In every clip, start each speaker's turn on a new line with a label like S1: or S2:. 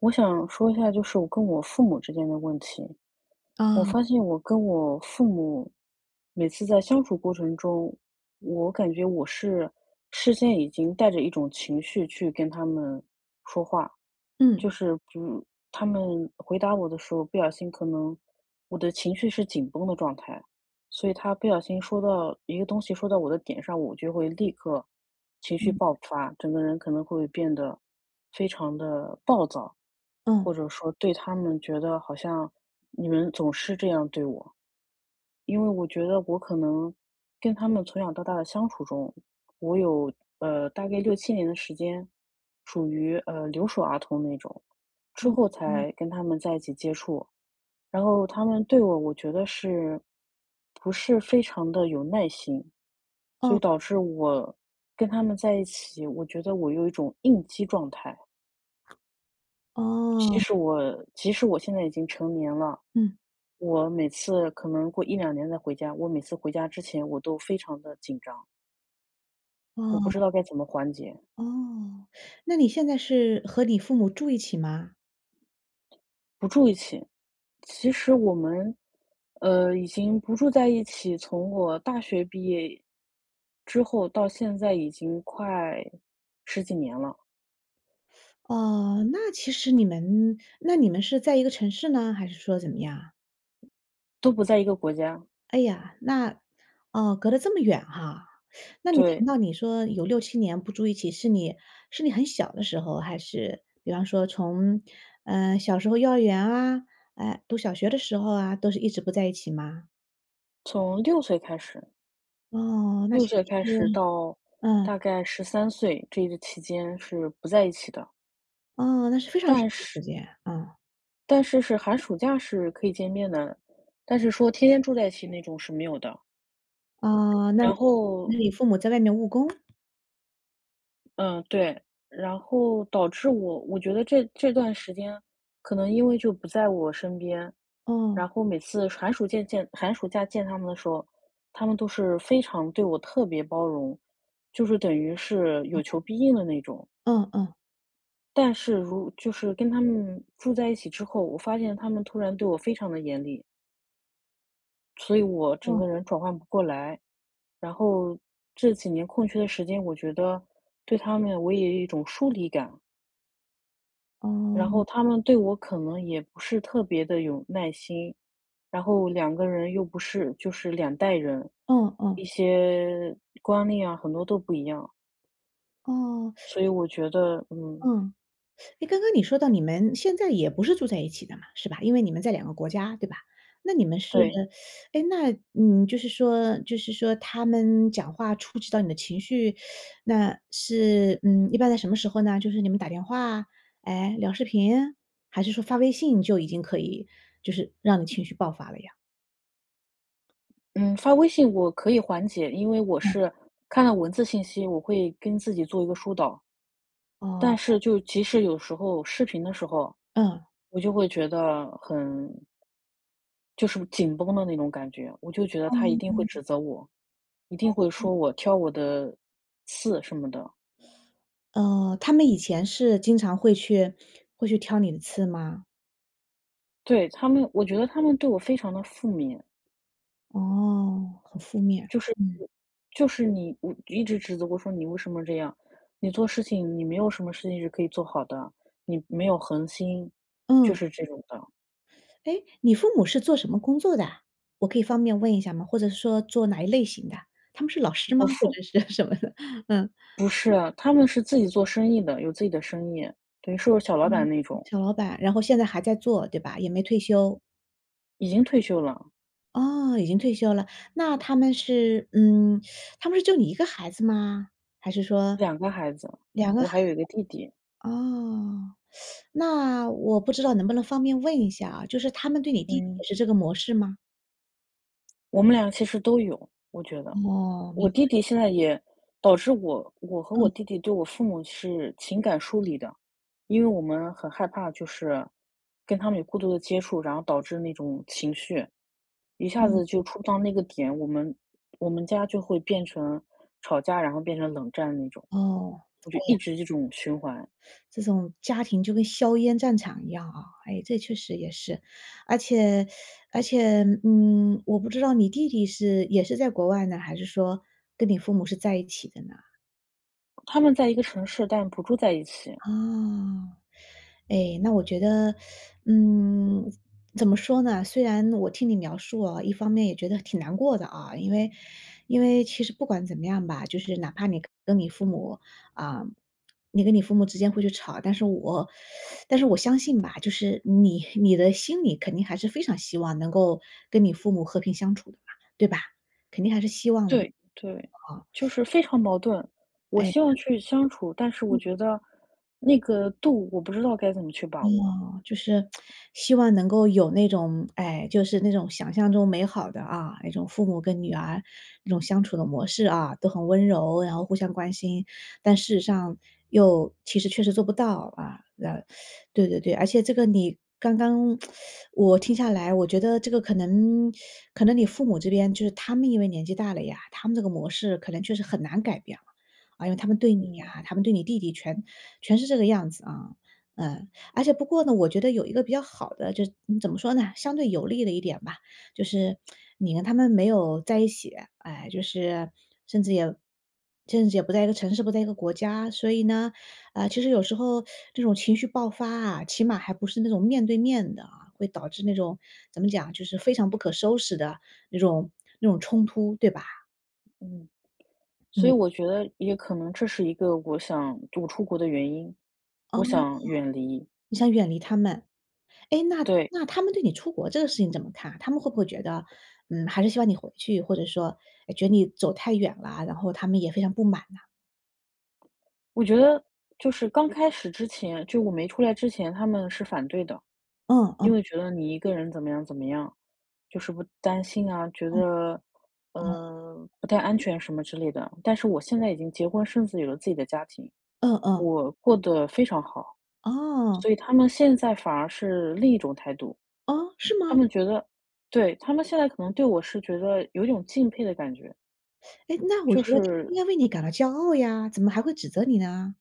S1: 我想说一下就是我跟我父母之间的问题。我
S2: 啊。
S1: 发现我跟我父母，每次在相处过程中，我感觉我是事先已经带着一种情绪去跟他们说话。就
S2: 嗯。
S1: 是，就他们回答我的时候不小心可能我的情绪是紧绷的状态，所以他不小心说到一个东西说到我的点上，我就会立刻情绪
S2: 嗯。
S1: 爆发，整个人可能会变得非常地暴躁，
S2: 嗯。
S1: 或者说对他们觉得好像“你们总是这样对我”。因为我觉得我可能跟他们从小到大的相处中，我有，呃，大概6-7年的时间，属于，呃，留守儿童那种，之
S2: 嗯，
S1: 后
S2: 嗯。
S1: 才跟他们在一起接触。然后他们对我，我觉得是不是非常地有耐心。所以
S2: 嗯。
S1: 导致我跟他们在一起，我觉得我有一种应激状态。即
S2: 哦。
S1: 使我即使我现在已经成年了。
S2: 嗯。
S1: 我每次可能过1-2年再回家，我每次回家之前我都非常地紧张。我不
S2: 哦。
S1: 知道该怎么缓解。
S2: 哦，那你现在是，和你父母住一起吗？
S1: 不住一起，其实我们，呃，已经不住在一起从我大学毕业，之后到现在已经快10几年了。
S2: 呃，那其实你们那你们是在一个城市呢，还是说怎么样啊？
S1: 都不在一个国家。
S2: 哎呀，那，哦，隔得这么远哈。那你
S1: 对。
S2: 听到你说有6-7年不住一起，是你是你很小的时候，还是，比方说从，呃，小时候幼儿园啊，呃，读小学的时候啊，都是一直不在一起吗？
S1: 从6岁开始。
S2: 哦，那
S1: 6
S2: 其
S1: 岁
S2: 实是
S1: 开始到
S2: 嗯。
S1: 大概13岁，这一个期间是不在一起的。
S2: 哦，那是非常长
S1: 但
S2: 的
S1: 是
S2: 时间，嗯。
S1: 但是是寒暑假是可以见面的，但是说天天住在一起那种是没有的。
S2: 呃，那就
S1: 然
S2: 是，
S1: 后
S2: 那你父母在外面务工？
S1: 嗯，对，然后导致我我觉得这这段时间可能因为就不在我身边，
S2: 哦。
S1: 然后每次寒暑见见，寒暑假见他们的时候，他们都是非常对我特别包容，就是等于是
S2: 哦。
S1: 有求必应的那种。
S2: 嗯嗯。
S1: 但是如就是跟他们住在一起之后，我发现他们突然对我非常地严厉。所以我整
S2: 嗯。
S1: 个人转换不过来，然后这几年空缺的时间我觉得对他们我也有一种疏离感。然
S2: 嗯。
S1: 后他们对我可能也不是特别地有耐心，然后两个人又不是，就是2代人，
S2: 嗯，哦。
S1: 一些观念啊，很多都不一样。
S2: 哦。
S1: 所以 我觉得嗯。
S2: 嗯，诶，刚刚你说到你们现在也不是住在一起的嘛，是吧，因为你们在两个国家，对吧？那你们是
S1: 对。
S2: 诶，那，嗯，就是说就是说他们讲话触及到你的情绪，那是嗯，一般在什么时候呢？就是你们打电话，诶，聊视频，还是说发微信就已经可以就是让你情绪爆发了呀？
S1: 嗯，发微信我可以缓解，因为我
S2: 嗯。
S1: 是看了文字信息，我会跟自己做一个疏导。但
S2: 哦。
S1: 是就即使有时候视频的时候，
S2: 嗯。
S1: 我就会觉得很就是紧绷的那种感觉，我就觉得他一
S2: 嗯
S1: 定会
S2: 嗯。
S1: 指责我，一定会
S2: 嗯嗯。
S1: 说我，挑我的刺什么的。
S2: 呃，他们以前是经常会去会去挑你的刺吗？
S1: 对，他们我觉得他们对我非常地负面。
S2: 哦，很负面，
S1: 就是
S2: 嗯。
S1: 我就是你，嗯，一直指责我说，“你为什么这样？你做事情你没有什么事情是可以做好的，你没有恒心”，就
S2: 嗯。
S1: 是这种的。
S2: 哎，你父母是做什么工作的啊？我可以方便问一下吗？或者说做哪一类型的？他们是老师吗？
S1: 我
S2: 或
S1: 父
S2: 者是什么的，嗯。
S1: 不是，他们是自己做生意的，有自己的生意，等于说小老
S2: 嗯，
S1: 板那种。
S2: 小老板，然后现在还在做，对吧？也没退休。
S1: 已经退休了。
S2: 哦，已经退休了。那他们是嗯，他们是就你1个孩子吗？还是说，
S1: 2个孩子，
S2: 2个孩
S1: 我还有
S2: 子，
S1: 一个弟弟。
S2: 哦。那我不知道能不能方便问一下啊，就是他们对你弟弟
S1: 嗯。
S2: 也是这个模式吗？
S1: 我们俩其实都有，我觉得。
S2: 哦，
S1: 我
S2: 明
S1: 弟
S2: 白。
S1: 弟现在也导致我我和我
S2: 嗯。
S1: 弟弟对我父母是情感疏离的。因为我们很害怕，就是跟他们有过多的接触，然后导致那种情绪，一下子就
S2: 嗯。
S1: 触到那个点，我们我们家就会变成吵架，然后变成冷战那种。
S2: 哦，
S1: 我
S2: 哎
S1: 就一
S2: 呀。
S1: 直这种循环。
S2: 这种家庭就跟硝烟战场一样啊，诶，这确实也是。而且 而且，嗯，我不知道你弟弟是也是在国外呢，还是说跟你父母是在一起的呢？
S1: 他们在一个城市，但不住在一起。
S2: 啊，诶，那我觉得 嗯，怎么说呢？虽然我听你描述哦，一方面也觉得挺难过的啊。因为因为其实不管怎么样吧，就是哪怕你跟你父母呃，你跟你父母之间会去吵。但是我 但是我相信吧，就是你你的心里肯定还是非常希望能够跟你父母和平相处的吧，对吧？肯定还是希望的
S1: 对，对。
S2: 哦。
S1: 就 是非常矛盾，我
S2: 哎呀。
S1: 希望去相处，但是
S2: 嗯。
S1: 我觉得那个度我不知道该怎么去把握。
S2: 哦。就是 希望能够有那种哎，就是那种想象中美好的啊，那种父母跟女儿这种相处的模式啊，都很温柔，然后互相关心。但事实上又其实确实做不到，啊，呃，对对对。而且这个你刚刚 我听下来，我觉得这个可能 可能你父母这边就是他们因为年纪大了呀，他们这个模式可能就是很难改变。呃，他们对你
S1: 嗯。
S2: 啊，他们对你弟弟全全是这个样子啊。嗯，而且不过呢，我觉得有一个比较好的就是怎么说呢？相对有利的一点吧，就是 你跟他们没有在一起，诶，就是甚至也甚至也不在一个城市，不在一个国家。所以呢，啊，其实有时候这种情绪爆发啊，起码还不是那种面对面的，会导致那种怎么讲？就是非常不可收拾的那种那种冲突，对吧？
S1: 嗯，所
S2: 嗯。
S1: 以我觉得也可能这是一个我想读出国的原因，
S2: 哦，
S1: 我想远离。
S2: 你想远离他们。诶，那
S1: 对。
S2: 那他们对你出国这个事情怎么看啊？他们会不会觉得，嗯，还是希望你回去？或者说，诶，觉得你走太远了，然后他们也非常不满呐？
S1: 我觉得就是刚开始之前，就我没出来之前，他们是反对的。
S2: 嗯嗯。
S1: 因为觉得你一个人怎么样怎么样，就是不担心啊，觉
S2: 嗯，
S1: 得，
S2: 哦。
S1: 呃，不太安全什么之类的。但是我现在已经结婚生子，有了自己的家庭，
S2: 嗯嗯。
S1: 我过得非常好。
S2: 哦。
S1: 所以他们现在反而是另一种态度，
S2: 哦，是
S1: 他
S2: 吗？
S1: 们觉得对，他们现在可能对我是觉得有一种敬佩的感觉。
S2: 哎，那我
S1: 就
S2: 觉得他
S1: 是
S2: 应该为你感到骄傲呀，怎么还会指责你呢？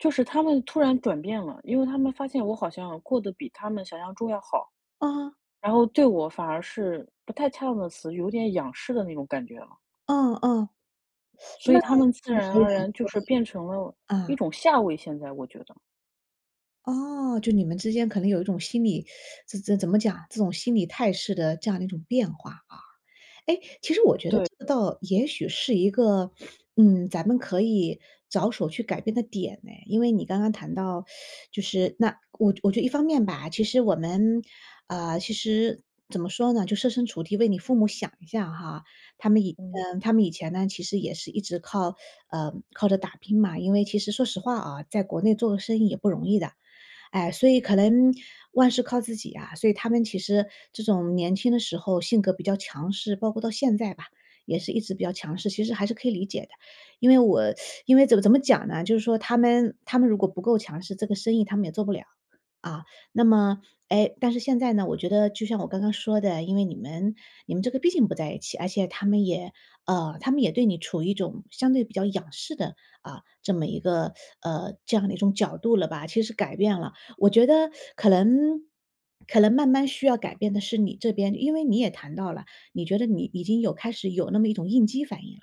S1: 就是他们突然转变了，因为他们发现我好像过得比他们想象中要好。
S2: 嗯。
S1: 然后对我反而是不太恰当的词，有点仰视的那种感觉了。
S2: 嗯嗯，
S1: 所
S2: 那
S1: 以他们自
S2: 我觉
S1: 然
S2: 得
S1: 而
S2: 你
S1: 然就
S2: 可
S1: 是
S2: 以
S1: 变成了一
S2: 嗯。
S1: 种下位现在，我觉得。
S2: 哦，就你们之间可能有一种心理 怎怎怎么讲？这种心理态势的这样的一种变化啊。诶，其实我觉得
S1: 对。
S2: 这个倒也许是一个，嗯，咱们可以着手去改变的点哎，因为你刚刚谈到 就是，那我觉我觉一方面吧，其实我们呃，其实怎么说呢？就设身处地为你父母想一下哈，他们以
S1: 嗯。
S2: 嗯，他们以前呢其实也是一直靠呃，靠着打拼嘛，因为其实说实话啊，在国内做个生意也不容易的。哎，所以可能万事靠自己啊，所以他们其实这种年轻的时候性格比较强势，包括到现在吧也是一直比较强势，其实还是可以理解的。因为我 因为怎么怎么讲呢？就是说他们他们如果不够强势这个生意他们也做不了，啊。那么诶，但是现在呢，我觉得就像我刚刚说的，因为你们你们这个毕竟不在一起，而且他们也呃，他们也对你处于一种相对比较仰视的，啊，这么一个，呃，这样的一种角度了吧，其实改变了。我觉得可能可能慢慢需要改变的是你这边，因为你也谈到了，你觉得你已经有开始有那么一种应激反应啦，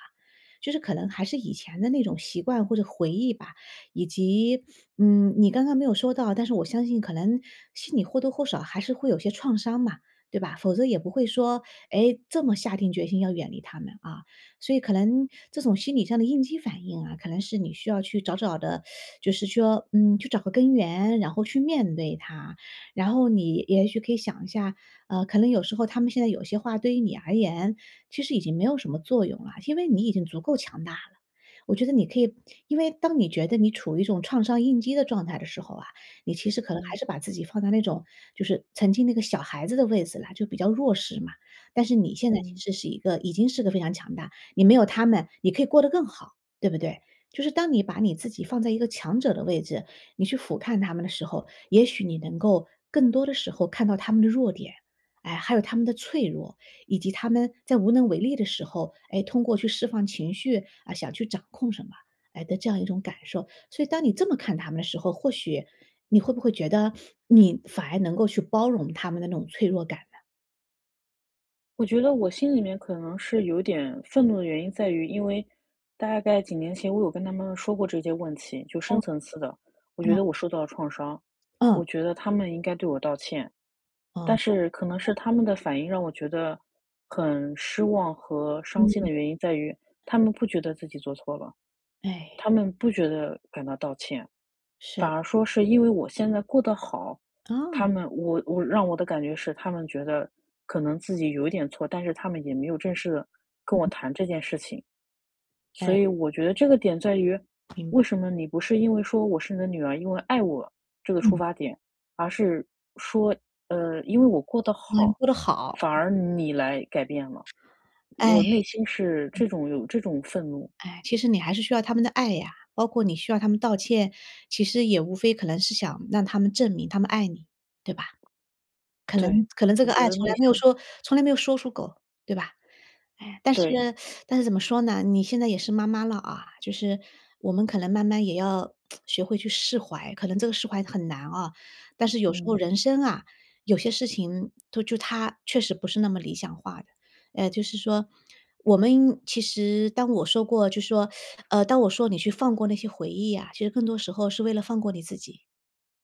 S2: 就是可能还是以前的那种习惯或者回忆吧，以及，嗯，你刚刚没有说到，但是我相信可能心里或多或少还是会有些创伤嘛，对吧？否则也不会说，诶，这么下定决心要远离他们啊，所以可能这种心理上的应激反应啊，可能是你需要去找找的 就是说，嗯，去找个根源，然后去面对它。然后你也许可以想一下，呃，可能有时候他们现在有些话对于你而言，其实已经没有什么作用了，因为你已经足够强大。我觉得你可以因为当你觉得你处于一种创伤应激的状态的时候啊，你其实可能还
S1: 嗯。
S2: 是把自己放在那种就是曾经那个小孩子的位子了，就比较弱势嘛。但是你现在其
S1: 嗯。
S2: 实是一个已经是个非常强大，你没有他们你可以过得更好，对不对？就是当你把你自己放在一个强者的位置，你去俯瞰他们的时候，也许你能够更多的时候看到他们的弱点，哎，还有他们的脆弱，以及他们在无能为力的时候，诶，通过去释放情绪，啊，想去掌控什么，诶，的这样一种感受。所以当你这么看他们的时候，或许你会不会觉得，你反而能够去包容他们的那种脆弱感呢？
S1: 我觉得我心里面可能是有点愤怒的原因在于，因为，大概几年前我有跟他们说过这些问题，就深
S2: 嗯。
S1: 层次的，我觉
S2: 嗯。
S1: 得我受到了创伤，
S2: 嗯。
S1: 我觉得他们应该对我道歉。
S2: 嗯。
S1: 但是，可能是他们的反应让我觉得，很失望和伤心的
S2: 嗯。
S1: 原因在于，他们不觉得自己做错了，
S2: 哎。
S1: 他们不觉得感到道歉。
S2: 是。
S1: 反而说是因为我现在过得好，
S2: 啊。
S1: 他们我我让我的感觉是他们觉得，可能自己有一点错，但是他们也没有正式地跟我谈这件事情。
S2: 哎。
S1: 所以我觉得这个点在于，
S2: 明
S1: 为
S2: 白。
S1: 什么你不是因为说，我是你的女儿，因为爱我，这个出
S2: 嗯。
S1: 发点，而是，说，呃，因为我过得
S2: 嗯，
S1: 好，
S2: 说得好。
S1: 反而你来改变了，
S2: 哎，
S1: 我内心是
S2: 嗯。
S1: 这种有这种愤怒。
S2: 哎，其实你还是需要他们的爱呀。包括你需要他们道歉，其实也无非可能是想让他们证明他们爱你，对吧？可
S1: 对，
S2: 能可能这
S1: 我
S2: 个
S1: 觉
S2: 爱
S1: 得
S2: 从
S1: 内
S2: 来没有
S1: 心
S2: 说，从来没有说出口，对吧？哎，但是
S1: 对。
S2: 但是怎么说呢，你现在也是妈妈了啊，就是我们可能慢慢也要，学会去释怀。可能这个释怀很难啊，但是有时候
S1: 嗯。
S2: 人生啊，有些事情，对，就它确实不是那么理想化的。呃，就是说，我们，其实当我说过就说，呃，当我说你去放过那些回忆呀，其实更多时候是为了放过你自己，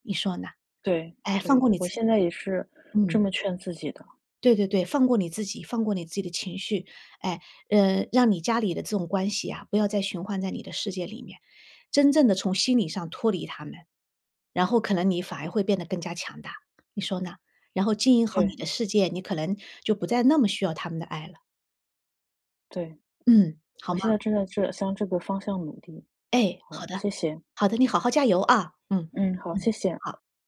S2: 你说呢？
S1: 对，
S2: 哎，放
S1: 对，
S2: 过你
S1: 我
S2: 自己，
S1: 现在也是这
S2: 嗯。
S1: 么劝自己的。
S2: 对对对，放过你自己，放过你自己的情绪。哎，呃，让你家里的这种关系啊，不要再循环在你的世界里面，真正地从心理上脱离他们，然后可能你反而会变得更加强大，你说呢？然后经营好你
S1: 对。
S2: 的世界，你可能，就不再那么需要他们的爱了。
S1: 对。
S2: 嗯，好
S1: 我
S2: 吗？
S1: 现在正在这向这个方向努力，
S2: 哎，
S1: 好，
S2: 好的。
S1: 谢谢。
S2: 好的，你好好加油啊，嗯，
S1: 嗯，好，
S2: 嗯，
S1: 谢谢。
S2: 好。